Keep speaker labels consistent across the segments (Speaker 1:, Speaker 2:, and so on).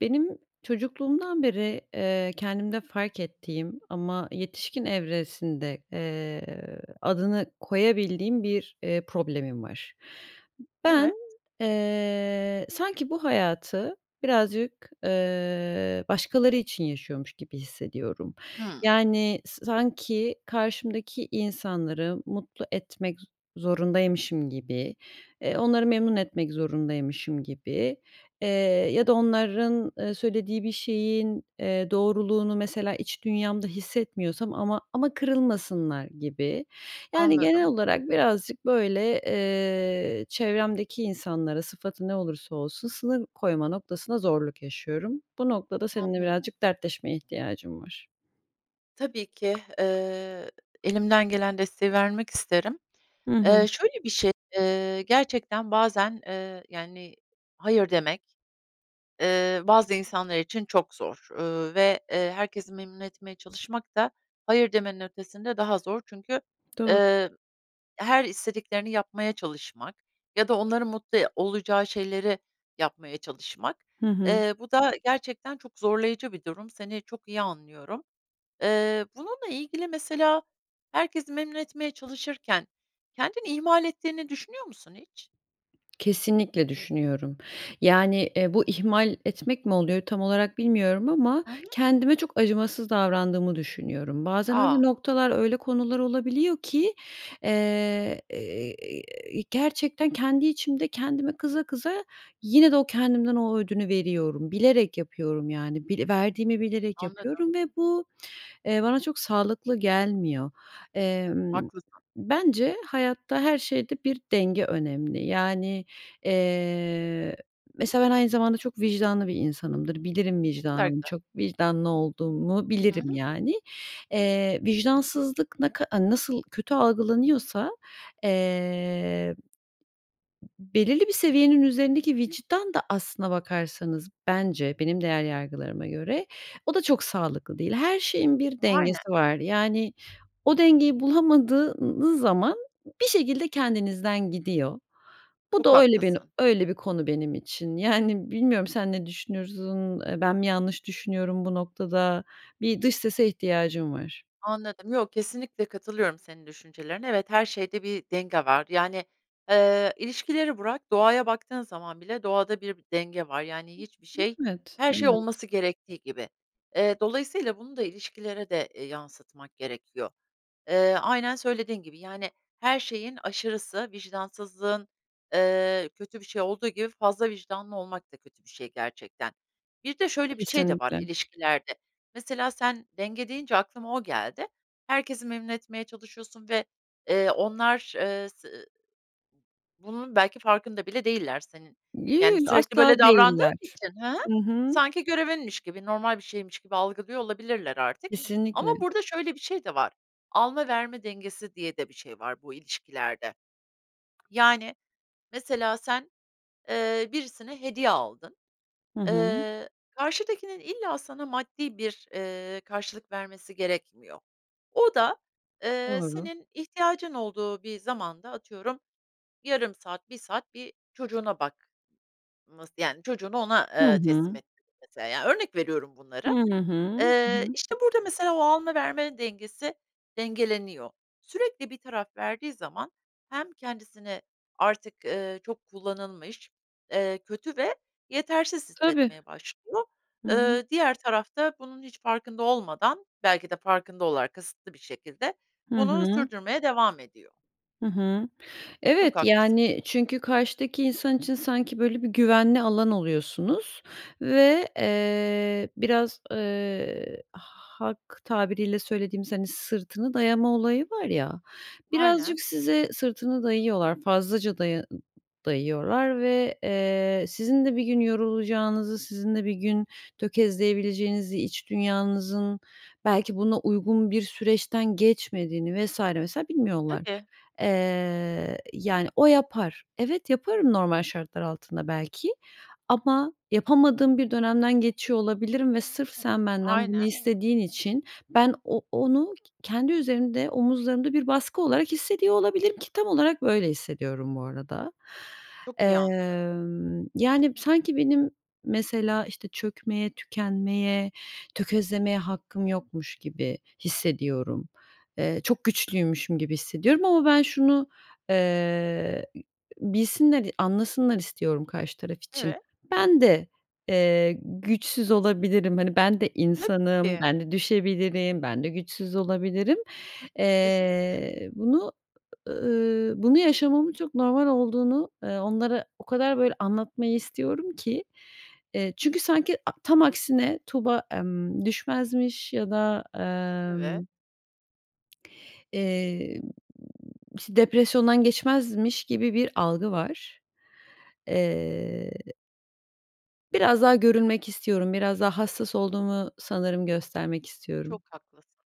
Speaker 1: Benim çocukluğumdan beri, eee, kendimde fark ettiğim ama yetişkin evresinde, eee, adını koyabildiğim bir, eee, problemim var. Ben,
Speaker 2: Evet.
Speaker 1: eee, sanki bu hayatı birazcık, ııı, başkaları için yaşıyormuş gibi hissediyorum.
Speaker 2: Hı.
Speaker 1: Yani, sa sanki karşımdaki insanları mutlu etmek zorundaymışım gibi, eee, onları memnun etmek zorundaymışım gibi, eee, ya da onların, eee, söylediği bir şeyin, eee, doğruluğunu, mesela, iç dünyamda hissetmiyorsam ama ama kırılmasınlar gibi. Yani, genel
Speaker 2: Anladım.
Speaker 1: olarak birazcık, böyle, eee, çevremdeki insanlara, sıfatı ne olursa olsun, sınır koyma noktasında zorluk yaşıyorum. Bu noktada seninle
Speaker 2: Anlıyorum.
Speaker 1: birazcık dertleşmeye ihtiyacım var.
Speaker 2: Tabii ki, ııı, elimden gelen desteği vermek isterim,
Speaker 1: Hı hı.
Speaker 2: eee, şöyle bir şey, ııı, gerçekten bazen, eee, yani, hayır demek, ııı, bazı insanlar için çok zor, ııı, ve, eee, herkesi memnun etmeye çalışmak da hayır demenin ötesinde daha zor çünkü,
Speaker 1: Doğru.
Speaker 2: eee, her istediklerini yapmaya çalışmak ya da onların mutlu e olacağı şeyleri yapmaya çalışmak.
Speaker 1: Hı hı.
Speaker 2: Eee, bu da gerçekten çok zorlayıcı bir durum, seni çok iyi anlıyorum. Eee, bununla ilgili, mesela, herkesi memnun etmeye çalışırken kendini ihmal ettiğini düşünüyor musun hiç?
Speaker 1: Kesinlikle düşünüyorum, yani, eee, bu ihmal etmek mi oluyor tam olarak bilmiyorum ama
Speaker 2: Hı hı.
Speaker 1: kendime çok acımasız davrandığımı düşünüyorum. Bazen
Speaker 2: A!
Speaker 1: öyle noktalar, öyle konular olabiliyor ki, eee, e e e gerçekten kendi içimde kendime kıza, kıza yine de o kendimden o ödünü veriyorum. Bilerek yapıyorum, yani. Bile verdiğimi bilerek yapıyorum
Speaker 2: Anladım.
Speaker 1: ve bu, eee, bana çok sağlıklı gelmiyor, emm.
Speaker 2: Haklısın.
Speaker 1: Bence hayatta her şeyde bir denge önemli. Yani, eee, mesela, ben aynı zamanda çok vicdanlı bir insanımdır. Bilirim
Speaker 2: Ne kadar
Speaker 1: vicdanımı
Speaker 2: güzel.
Speaker 1: çok vicdanlı olduğumu
Speaker 2: Hı
Speaker 1: bilirim,
Speaker 2: hı.
Speaker 1: yani. Eee, vicdansızlık ne ka nasıl kötü algılanıyorsa, eee. belirli bir seviyenin üzerindeki vicdan da aslında bakarsanız bence benim değer yargılarıma göre o da çok sağlıklı değil. Her şeyin bir
Speaker 2: Aynen.
Speaker 1: dengesi var. Yani, o dengeyi bulamadığınız zaman bir şekilde kendinizden gidiyor. Bu
Speaker 2: Çok
Speaker 1: da öyle bin
Speaker 2: haklısın.
Speaker 1: öyle bir konu benim için. Yani, bilmiyorum sen ne düşünürsün? Eee, ben mi yanlış düşünüyorum bu noktada? Bir dış sese ihtiyacım var.
Speaker 2: Anladım, yo, kesinlikle katılıyorum senin düşüncelerine. Evet, her şeyde bir denge var, yani, ııı, ilişkileri bırak doğaya baktığın zaman bile doğada bir bi denge var, yani, hiçbir şey
Speaker 1: Evet,
Speaker 2: her şey
Speaker 1: evet.
Speaker 2: olması gerektiği gibi. Eee, dolayısıyla bunu da ilişkilere de, eee, yansıtmak gerekiyor. Eee, aynen söylediğin gibi, yani, her şeyin aşırısı, vicdansızlığın, ııı, kötü bir şey olduğu gibi fazla vicdanlı olmak da kötü bir şey gerçekten. Bir de şöyle bir şey de var
Speaker 1: Kesinlikle.
Speaker 2: ilişkilerde, mesela, sen denge deyince aklıma o geldi. Herkesi memnun etmeye çalışıyorsun ve, eee, onlar, ııı, se ı bunun belki farkında bile değiller senin, yani,
Speaker 1: [unintelligible]
Speaker 2: sürekli
Speaker 1: Asla
Speaker 2: böyle davrandığın
Speaker 1: değiller.
Speaker 2: için Hı hı.
Speaker 1: Hı hı.
Speaker 2: Sanki görevinmiş gibi normal bir şeymiş gibi algılıyor olabilirler artık. Ama
Speaker 1: Kesinlikle.
Speaker 2: burada şöyle bir şey de var, alma verme dengesi diye de bir şey var bu ilişkilerde. Yani, mesela, sen, ııı, birisine hediye aldın,
Speaker 1: Hı hı.
Speaker 2: ııı, karşıdakinin illa sana maddi bir, ııı, karşılık vermesi gerekmiyor. O da, eee,
Speaker 1: Doğru.
Speaker 2: senin ihtiyacın olduğu bir zamanda, atıyorum, yarım saat, 1 saat bir çocuğuna bak ması, yani, çocuğunu ona,
Speaker 1: Hı
Speaker 2: ııı, teslim
Speaker 1: hı.
Speaker 2: ettin, mesela, ya, örnek veriyorum
Speaker 1: Hı
Speaker 2: bunları,
Speaker 1: hı. Hı
Speaker 2: ııı,
Speaker 1: hı.
Speaker 2: işte, burada, mesela, o alma vermenin dengesi dengeleniyor. Sürekli bir taraf verdiği zaman, hem kendisini artık, ııı, çok kullanılmış, eee, kötü ve yetersiz
Speaker 1: Tabii.
Speaker 2: hissetmeye başlıyor.
Speaker 1: Hı hı.
Speaker 2: Iıı, diğer taraf da bunun hiç farkında olmadan, belki de farkında olarak kasıtlı bir şekilde
Speaker 1: Hı
Speaker 2: bunu
Speaker 1: hı.
Speaker 2: sürdürmeye devam ediyor.
Speaker 1: Hı hı.
Speaker 2: Çok
Speaker 1: Evet,
Speaker 2: haklısın.
Speaker 1: yani, çünkü karşıdaki insan için sanki, böyle, bir güvenli alan oluyorsunuz ve, eee, biraz, eee, halk tabiriyle söylediğimiz, hani, sırtını dayama olayı var ya, birazcık
Speaker 2: Aynen.
Speaker 1: size sırtını dayıyorlar, fazlaca daya dayıyorlar ve, eee, sizin de bir gün yorulacağınızı, sizin de bir gün tökezleyebileceğinizi, iç dünyanızın belki buna uygun bir süreçten geçmediğini vs. vs. bilmiyorlar.
Speaker 2: Tabii.
Speaker 1: Eee, yani, "O yapar." Evet yaparım normal şartlar altında belki ama yapamadığım bir dönemden geçiyor olabilirim ve sırf sen benden bunu
Speaker 2: Aynen.
Speaker 1: istediğin için ben o onu ke kendi üzerimde, omuzlarımda bir baskı olarak hissediyor olabilirim ki tam olarak böyle hissediyorum bu arada.
Speaker 2: Çok iyi anlıyorum.
Speaker 1: Emm, yani, sanki benim, mesela, işte, çökmeye, tükenmeye, tökezlemeye hakkım yokmuş gibi hissediyorum. Eee, çok güçlüymüşüm gibi hissediyorum ama ben şunu, eee, bilsinler, anlasınlar istiyorum karşı taraf için:
Speaker 2: Evet.
Speaker 1: "Ben de, eee, güçsüz olabilirim, hani, ben de
Speaker 2: Tabii
Speaker 1: insanım,
Speaker 2: ki.
Speaker 1: ben de düşebilirim, ben de güçsüz olabilirim."
Speaker 2: Kesinlikle.
Speaker 1: Eee, bunu, ııı, bunu yaşamamın çok normal olduğunu, eee, onlara o kadar, böyle, anlatmayı istiyorum ki, eee, çünkü sanki, a tam aksine Tuğba, ımm, düşmezmiş ya da,
Speaker 2: Evet.
Speaker 1: emm Emm, iş depresyondan geçmezmiş gibi bir algı var, eee biraz daha görünmek istiyorum, biraz daha hassas olduğumu sanırım göstermek
Speaker 2: Çok
Speaker 1: istiyorum.
Speaker 2: haklısın.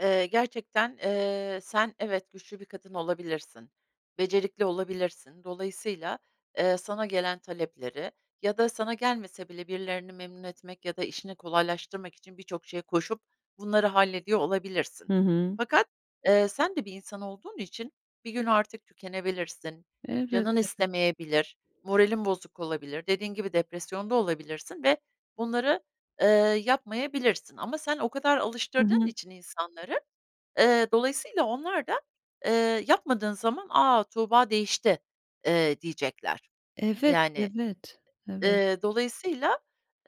Speaker 2: Iıı, gerçekten, ııı, sen evet güçlü bir kadın olabilirsin, becerikli olabilirsin, dolayısıyla, eee, sana gelen talepleri ya da sana gelmese bile birilerini memnun etmek ya da işini kolaylaştırmak için birçok şeye koşup bunları hallediyor olabilirsin.
Speaker 1: Hı hı.
Speaker 2: Fakat, ııı, sen de bir insan olduğun için bir gün artık tükenebilirsin, canın
Speaker 1: Elbette.
Speaker 2: istemeyebilir, moralin bozuk olabilir, dediğin gibi depresyonda olabilirsin ve bunları, ııı, yapmayabilirsin. Ama sen o kadar
Speaker 1: Hı
Speaker 2: alıştırdığın
Speaker 1: hı.
Speaker 2: için insanları, ııı, dolayısıyla onlar da, ııı, yapmadığın zaman "A! Tuğba değişti," eee, diyecekler.
Speaker 1: Evet,
Speaker 2: Yani,
Speaker 1: evet, evet.
Speaker 2: eee, dolayısıyla,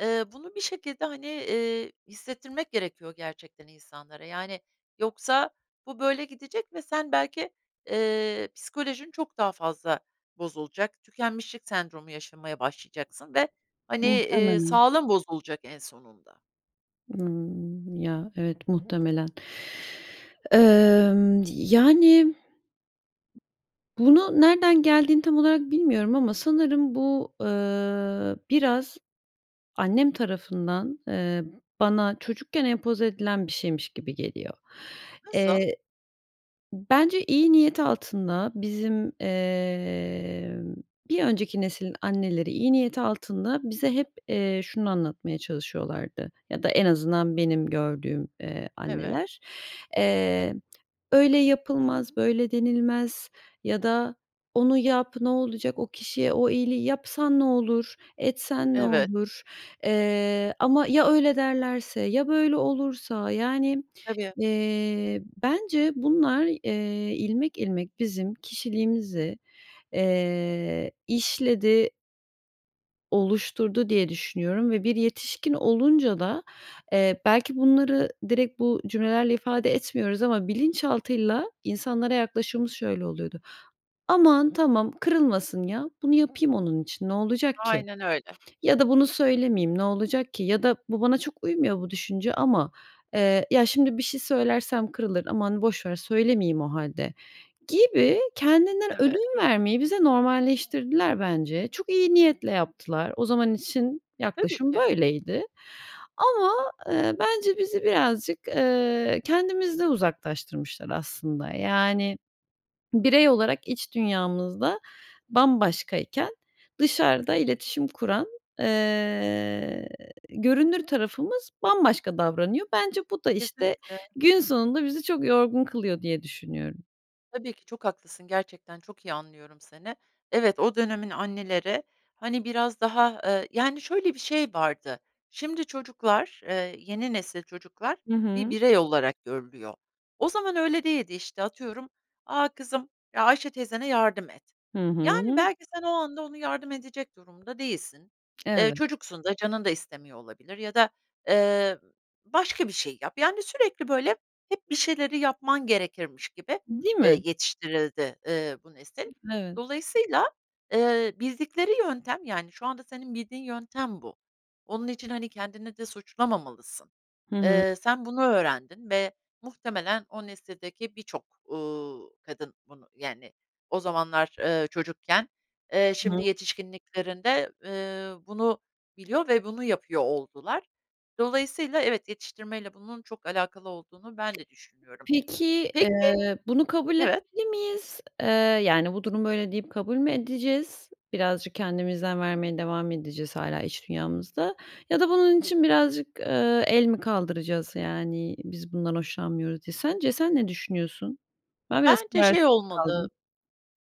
Speaker 2: eee, bunu bir şekilde, hani, iii, hissettirmek gerekiyor gerçekten insanlara. Yani, yoksa bu böyle gidecek ve sen belki, eee, psikolojin çok daha fazla bozulacak, tükenmişlik sendromu yaşamaya başlayacaksın ve, hani, iii,
Speaker 1: Muhtemelen.
Speaker 2: sağlığın bozulacak en sonunda.
Speaker 1: Imm, ya, evet muhtemelen. Emm, yani. Bunu nereden geldiğini tam olarak bilmiyorum ama sanırım bu, ııı, biraz annem tarafından, eee, bana çocukken empoze edilen bir şeymiş gibi geliyor.
Speaker 2: Nasıl?
Speaker 1: Eee, bence iyi niyet altında bizim, emm, bir önceki nesilin anneleri iyi niyet altında bize hep, eee, şunu anlatmaya çalışıyorlardı ya da en azından benim gördüğüm, eee,
Speaker 2: Evet.
Speaker 1: anneler. Eee, "Öyle yapılmaz, böyle denilmez." Ya da "Onu yap ne olacak, o kişiye o iyiliği yapsan ne olur, etsen ne
Speaker 2: Evet.
Speaker 1: olur?" Eee, ama "Ya öyle derlerse, ya böyle olursa?" Yani,
Speaker 2: Tabii.
Speaker 1: eee, bence bunlar, eee, ilmek, ilmek bizim kişiliğimizi, eee, işledi oluşturdu diye düşünüyorum ve bir yetişkin olunca da, eee, belki bunları direkt bu cümlelerle ifade etmiyoruz ama bilinçaltıyla insanlara yaklaşımımız şöyle oluyordu: "Aman, tamam kırılmasın ya. Bunu yapayım onun için. Ne olacak ki?"
Speaker 2: Aynen öyle.
Speaker 1: ya da "Bunu söylemeyeyim ne olacak ki?" ya da "Bu bana çok uymuyor bu düşünce ama, eee, ya şimdi bir şey söylersem kırılır, aman boş ver söylemeyeyim o hâlde." gibi kendinden
Speaker 2: Evet.
Speaker 1: ödün vermeyi bize normalleştirdiler bence. Çok iyi niyetle yaptılar. O zaman için
Speaker 2: Tabii
Speaker 1: yaklaşım
Speaker 2: ki.
Speaker 1: böyleydi ama, ııı, bence bizi birazcık, ııı, kendimizden uzaklaştırmışlar aslında, yani, birey olarak iç dünyamızda bambaşkayken dışarıda iletişim kuran, eee, görünür tarafımız bambaşka davranıyor. Bence bu da, işte,
Speaker 2: Kesinlikle.
Speaker 1: gün sonunda bizi çok yorgun kılıyor diye düşünüyorum.
Speaker 2: Tabii ki çok haklısın, gerçekten çok iyi anlıyorum seni. Evet, o dönemin anneleri, hani, biraz daha, eee, yani, şöyle bir şey vardı, şimdi çocuklar, eee, yeni nesil çocuklar
Speaker 1: Hı
Speaker 2: bir
Speaker 1: hı.
Speaker 2: birey olarak görülüyor. O zaman öyle değildi, işte, atıyorum, "A kızım, Ayşe teyzene yardım et."
Speaker 1: Hı
Speaker 2: Yani,
Speaker 1: hı.
Speaker 2: belki sen o anda ona yardım edecek durumda değilsin, eee,
Speaker 1: Evet.
Speaker 2: çocuksun da canın da istemiyor olabilir ya da, eee, ı başka bir şey yap, yani, sürekli, böyle, hep bir şeyleri yapman gerekirmiş gibi,
Speaker 1: Değil
Speaker 2: eee,
Speaker 1: mi?
Speaker 2: yetiştirildi, eee, bu nesil.
Speaker 1: Evet.
Speaker 2: Dolayısıyla, eee, bildikleri yöntem, yani, şu anda senin bildiğin yöntem bu onun için, hani, kendini de suçlamamalısın.
Speaker 1: Hı hı.
Speaker 2: Eee, sen bunu öğrendin ve muhtemelen o nesildeki birçok, ııı, kadın bunu, yani, o zamanlar, ııı, çocukken, eee,
Speaker 1: Hı hı.
Speaker 2: şimdi yetişkinliklerinde, ııı, bunu biliyor ve bunu yapıyor oldular. Dolayısıyla evet, yetiştirmeyle bunun çok alakalı olduğunu ben de düşünüyorum.
Speaker 1: Peki,
Speaker 2: Peki
Speaker 1: eee, bunu kabul
Speaker 2: Evet.
Speaker 1: etmeli miyiz? Eee, yani, "Bu durum böyle." deyip kabul mü edeceğiz? Birazcık kendimizden vermeye devam edeceğiz hâlâ iç dünyamızda ya da bunun için birazcık, ııı, el mi kaldıracağız? Yani, "Biz bundan hoşlanmıyoruz." diye. Sence sen ne düşünüyorsun? Ben biraz
Speaker 2: Bence şey
Speaker 1: kararsız
Speaker 2: olmalı,
Speaker 1: kaldım.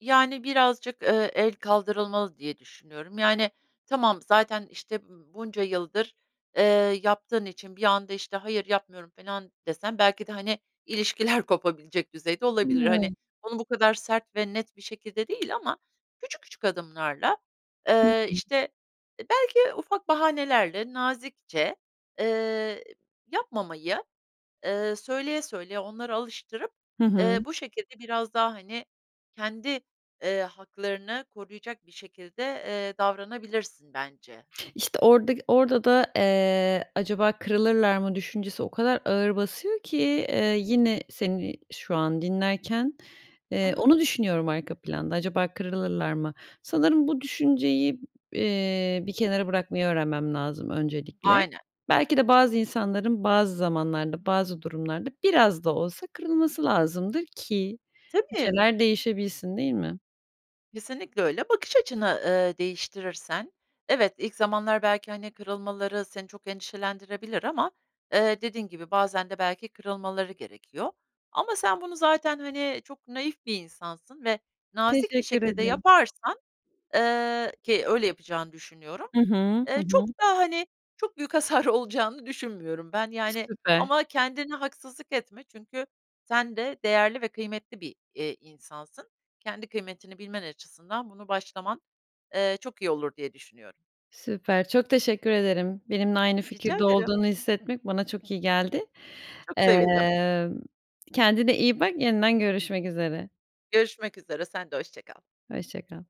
Speaker 2: yani, birazcık, eee, el kaldırılmalı diye düşünüyorum, yani, tamam, zaten, işte, ımm, bunca yıldır, eee, yaptığın için bir anda, işte, "Hayır, yapmıyorum." felan desen belki de, hani, ilişkiler kopabilecek düzeyde olabilir. Hani,
Speaker 1: [unintelligible]
Speaker 2: onu bu kadar sert ve net bir şekilde değil ama küçük küçük adımlarla,
Speaker 1: Hı
Speaker 2: ııı,
Speaker 1: hı.
Speaker 2: işte, e, belki ufak bahanelerle nazikçe, eee, yapmamayı, ııı, söyleye, söyleye onlara alıştırıp,
Speaker 1: Hı
Speaker 2: eee,
Speaker 1: hı.
Speaker 2: bu şekilde biraz daha, hani, kendi, ııı, haklarını koruyacak bir şekilde, eee, davranabilirsin bence.
Speaker 1: İşte, orada ki orada da, eee, "Acaba kırılırlar mı?" düşüncesi o kadar ağır basıyor ki, eee, yine seni şu an dinlerken,
Speaker 2: Hı
Speaker 1: eee,
Speaker 2: hı.
Speaker 1: onu düşünüyorum arka planda, "Acaba kırılırlar mı?" Sanırım bu düşünceyi b eee, bir kenara bırakmayı öğrenmem lazım öncelikle.
Speaker 2: Aynen.
Speaker 1: Belki de bazı insanların bazı zamanlarda bazı durumlarda biraz da olsa kırılması lazımdır ki bir
Speaker 2: Tabii.
Speaker 1: şeyler değişebilsin, değil mi?
Speaker 2: Kesinlikle öyle. Bakış açını, ııı, değiştirirsen, evet, ilk zamanlar belki, hani, kırılmaları seni çok endişelendirebilir ama, eee, dediğin gibi bazen de belki kırılmaları gerekiyor, ama sen bunu zaten, hani, çok naif bir insansın ve nazik bir
Speaker 1: Teşekkür
Speaker 2: şekilde
Speaker 1: ederim.
Speaker 2: yaparsan, ııı, ki öyle yapacağını düşünüyorum.
Speaker 1: Hı hı. Hı
Speaker 2: Eee, çok
Speaker 1: hı.
Speaker 2: da, hani, çok büyük hasar olacağını düşünmüyorum ben, yani,
Speaker 1: Süper.
Speaker 2: ama kendine haksızlık etme çünkü sen de değerli ve kıymetli bir, eee, insansın. Kendi kıymetini bilmen açısından bunu başlaman, eee, çok iyi olur diye düşünüyorum.
Speaker 1: Süper, çok teşekkür ederim. Benimle aynı
Speaker 2: Rica
Speaker 1: fikirde
Speaker 2: ederim.
Speaker 1: olduğunu hissetmek bana çok iyi geldi.
Speaker 2: Çok sevindim.
Speaker 1: Emm, kendine iyi bak, yeniden görüşmek üzere.
Speaker 2: Görüşmek üzere, sen de hoşça kal.
Speaker 1: Hoşça kal.